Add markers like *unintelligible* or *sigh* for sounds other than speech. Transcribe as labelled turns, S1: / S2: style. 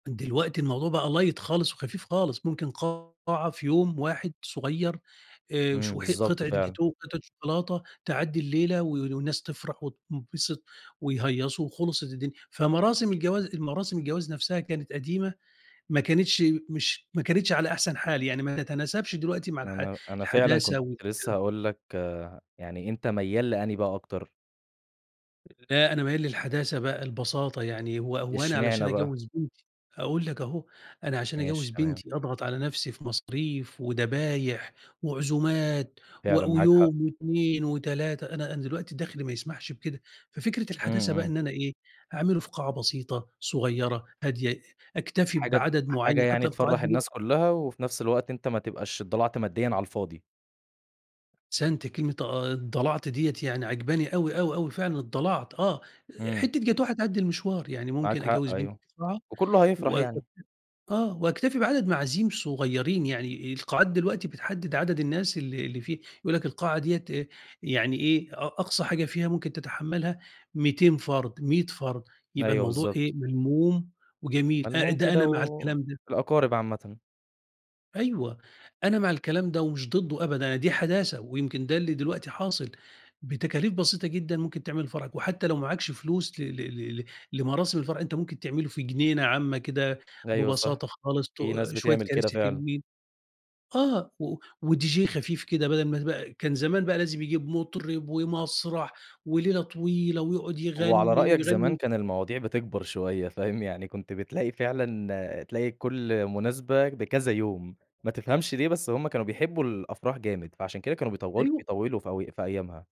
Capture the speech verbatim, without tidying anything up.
S1: دلوقتي الموضوع بَقى light خالص وخفيف خالص، ممكن قاعة في يوم واحد صغيّر، آآ،
S2: إمم،
S1: وشو حت
S2: بالضبط
S1: قِطعة
S2: فعلًا.
S1: جاتوه وقِطعة شوكولاتة تعدِّي الليلة وال الناس تفرح وتنبسط ويهيصوا وخلصت الدنيا، فمراسم الجواز المراسم الجواز نَفْسها كانت قديمة، ما كانتش مش ما كانتش على أحسن حال يعني، ما تتناسبش دلوقتي مع الح
S2: أنا أنا فعلًا
S1: الحداثة
S2: كنت
S1: و.
S2: لسه
S1: *unintelligible*
S2: هاقول لك يعني أنت ميّال لأنهي بقى أكتر؟
S1: لا أنا ميّال للحداثة بَقى، البساطة يعني، هو هو أنا علشان
S2: إشمعنى بقى؟
S1: أجوّز بنتي هاقول لك أهو، أنا عشان أجوّز
S2: ماشي تمام.
S1: بنتي أضغط على نَفْسي في مصاريف ودبايح وعزومات
S2: فعلًا
S1: و
S2: معاك حق.
S1: ويوم واتنين وتلاتة، أنا أنا دلوقتي دخْلي ما يسمحش بكده، ففكرة
S2: إمم
S1: الحداثة بَقى
S2: إمم.
S1: إن أنا إيه أعمله في قاعة بسيطة، صغّيرة، هادية، أكتفي
S2: حاجة ت
S1: بعدد
S2: حاجة
S1: معيّن،
S2: يعني
S1: حتى القاعات
S2: تفرح
S1: دلوق
S2: الناس كلها وفي نَفْس الوقت أنت ما تبقاش اتضلعت ماديًا على الفاضي.
S1: أحسنت، كلمة آآ، اتضلعت ديّة يعني عجباني أوي، أوي، أوي، فعلًا اتضلعت آه،
S2: إمم.
S1: حتّة جاتوه هتعدي المشوار، يعني
S2: معاك
S1: ممكن
S2: حق
S1: أجوّز
S2: أيوه،
S1: بنتي في قاعة
S2: وكله
S1: و
S2: هيفرح
S1: واكتفي
S2: يعني.
S1: آه واكتفي بعدد معازيم صغيّرين، يعني القاعات دلوقتي بتحدد عدد الناس اللي اللي فيه، يقول لك القاعة ديّة يعني إيه أ أقصى حاجة فيها ممكن تتحملها مِيتين فرد، مِيّة فرد، يبقى
S2: أيوه
S1: الموضوع
S2: بالضبط.
S1: إيه ملموم وجميل، أ
S2: ملموم
S1: ده
S2: كده
S1: أنا مع الكلام ده.
S2: والأقارب عامةً.
S1: أيوه أنا مع الكلام ده ومش ضده أبدًا، دي حداثة ويمكن ده اللي دلوقتي حاصل، بتكاليف بسيطة جدًا ممكن تعمل فرحك، وحتى لو معاكش فلوس ل ل ل ل لمراسم الفرح، أنت ممكن تعمله في جنينة عامة كده
S2: أيوه صح،
S1: ببساطة خالص، ت
S2: في ناس
S1: شوية
S2: بتعمل كده
S1: كراسي
S2: فعلًا.
S1: حلوين آه، و وDJ خفيف كده، بَدَل ما بقى كان زمان بَقى لازم يجيب مطرب ومسرح وليلة طويلة ويقعد
S2: وعلى
S1: يغني
S2: رأيك زمان
S1: ويغني
S2: كان المواضيع بتكبر شوية، فاهم، يعني كنت بتلاقي فعلًا تلاقي كُلّ مناسبة بكذا يوم، ما تفهمش ليه، بس هُم كانوا بيحبوا الأفراح جامد، فعشان كده كانوا بيطو
S1: أيوه
S2: بيطولوا في أوي في أيامها.